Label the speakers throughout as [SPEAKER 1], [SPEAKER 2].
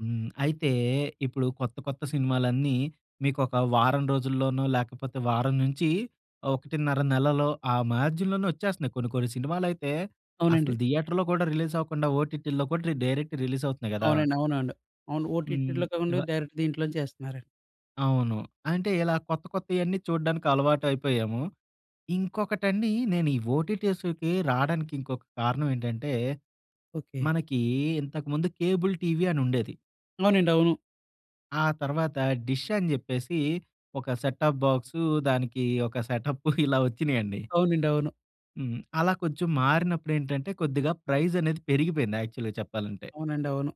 [SPEAKER 1] హ్మ్. అయితే ఇప్పుడు కొత్త కొత్త సినిమాలన్నీ మీకు ఒక వారం రోజుల్లోనో, లేకపోతే వారం నుంచి 1.5 నెలలో ఆ మార్జిన్‌‌లోనే వచ్చేస్తున్నాయి. కొన్ని కొన్ని సినిమాలయితే అసలు
[SPEAKER 2] అవునండి.
[SPEAKER 1] థియేటర్‌లో కూడా రిలీజ్ అవ్వకుండా, ఓటీటీల్లో కూడా డైరెక్ట్ రిలీజ్ అవుతున్నాయి గదా!
[SPEAKER 2] అవునండి. అవునండి, అవును.
[SPEAKER 1] హ్మ్.
[SPEAKER 2] ఓటిటిలో కాకుండా
[SPEAKER 1] ఇవ
[SPEAKER 2] డైరెక్ట్ దీంట్లోంచేస్తున్నారండి.
[SPEAKER 1] అవును. అంటే ఇలా కొత్త కొత్తయన్నీ చూడ్డానికి అలవాటైపోయాము. ఇంకొకటండి నేను ఈ ఓటీటీస్‌కి రావడానికి ఇంకొక కారణం ఏంటంటే,
[SPEAKER 2] ఓకె.
[SPEAKER 1] మనకి ఇంతకు ముందు కేబుల్ టీవీ అనుండేది.
[SPEAKER 2] అవునండి, అవును.
[SPEAKER 1] ఆ తర్వాత డిష్ అని చెప్పేసి, ఒక సెట్ ఆప్ బాక్స్ దానికి ఒక సెటప్పు ఇలా వచ్చినయండి.
[SPEAKER 2] అవునండి, అవును.
[SPEAKER 1] హ్మ్. అలా కొంచెం మారినప్పుడేంటంటే కొద్దిగా ప్రైస్ అనేది పెరిగిపోయింది యాక్చువల్‌గా చెప్పాలంటే.
[SPEAKER 2] అవునండి, అవును.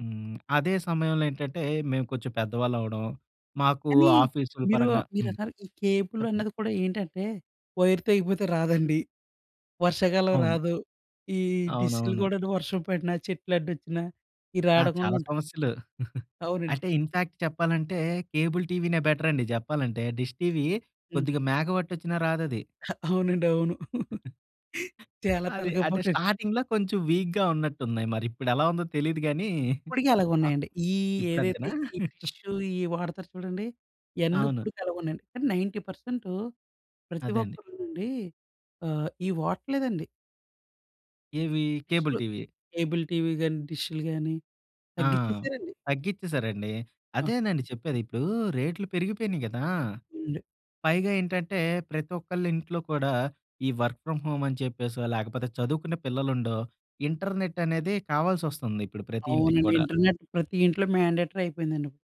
[SPEAKER 1] హ్మ్. అదే సమయంలో ఏంటంటే మేము కొంచెం పెద్దవాళ్ళవ్వడం, మాకు
[SPEAKER 2] కానీ
[SPEAKER 1] ఆఫీసుల
[SPEAKER 2] మీరు
[SPEAKER 1] పరంగా
[SPEAKER 2] ఆహ్,
[SPEAKER 1] హ్మ్.
[SPEAKER 2] మీరన్నారు ఈ కేబుల్
[SPEAKER 1] చెప్పండి.
[SPEAKER 2] అన్నది కూడా ఏంటంటే వైర్ తగిపోతే రాదండి. వర్షాకాలం
[SPEAKER 1] అవును.
[SPEAKER 2] రాదు. ఈ డిష్‌లు
[SPEAKER 1] అవునవును.
[SPEAKER 2] కూడాను వర్షం పడిన, చెట్లడ్డొచ్చిన ఈ
[SPEAKER 1] ఆ! చాలా
[SPEAKER 2] రాడకుండా
[SPEAKER 1] సమస్యలు.
[SPEAKER 2] అవునండి.
[SPEAKER 1] అంటే ఇన్‌ఫాక్ట్ చెప్పాలంటే కేబుల్ టీవీనే బెటర్ అండి చెప్పాలంటే. డిష్ టీవీ
[SPEAKER 2] హ్మ్.
[SPEAKER 1] కొద్దిగా మేఘం అడ్డమొచ్చినా రాదది.
[SPEAKER 2] ఆ! అవునండి అవును. చాలా
[SPEAKER 1] అది.
[SPEAKER 2] తలకాయ
[SPEAKER 1] అంటే
[SPEAKER 2] పోటండి.
[SPEAKER 1] స్టార్టింగ్‌లో కొంచెం వీక్‌గా ఉన్నట్టున్నాయి మరిప్పుడెలా ఉందో తెలీదు గాని.
[SPEAKER 2] ఇప్పటికి అలాగే ఉన్నాయండి. ఈ
[SPEAKER 1] ఇప్పుడు
[SPEAKER 2] ఏదైతే,
[SPEAKER 1] అంతేనా?
[SPEAKER 2] ఈ డిషు ఈ వాడతారు చూడండి, ఇయన్నీ
[SPEAKER 1] అవును.
[SPEAKER 2] ఇప్పటికి అలాగే ఉన్నాయండి. కాని 90% ప్రతి
[SPEAKER 1] అదే అండి.
[SPEAKER 2] ఒక్కరునండి ఆహ్, ఇవి వాడట్లేదండి.
[SPEAKER 1] ఏవి? కేబుల్
[SPEAKER 2] డిష్‌లు,
[SPEAKER 1] టీవీ.
[SPEAKER 2] కేబుల్ టీవీ కానీ డిషులు గాని
[SPEAKER 1] ఆ!
[SPEAKER 2] తగ్గించేసారండి.
[SPEAKER 1] తగ్గిచ్చేసారండి.
[SPEAKER 2] ఆ!
[SPEAKER 1] అదేనండి చెప్పేది. ఇప్పుడు రేట్లు పెరిగిపోయినాయి గదా!
[SPEAKER 2] అవునండి.
[SPEAKER 1] పైగా ఏంటంటే ప్రతొక్కళ్ళింట్లో కూడా ఈ వర్క్ ఫ్రామ్ హోమ్ అని చెప్పేసో, లేకపోతే చదువుకునే పిల్లలుండో, ఇంటర్నెట్ అనేది కావాల్సి వస్తుంది ఇప్పుడు ప్రతి ఇంటికి
[SPEAKER 2] అవునండి.
[SPEAKER 1] కూడా.
[SPEAKER 2] ఇంటర్నెట్ ప్రతి ఇంట్లో మాండేటరీ అయిపోయిందండి.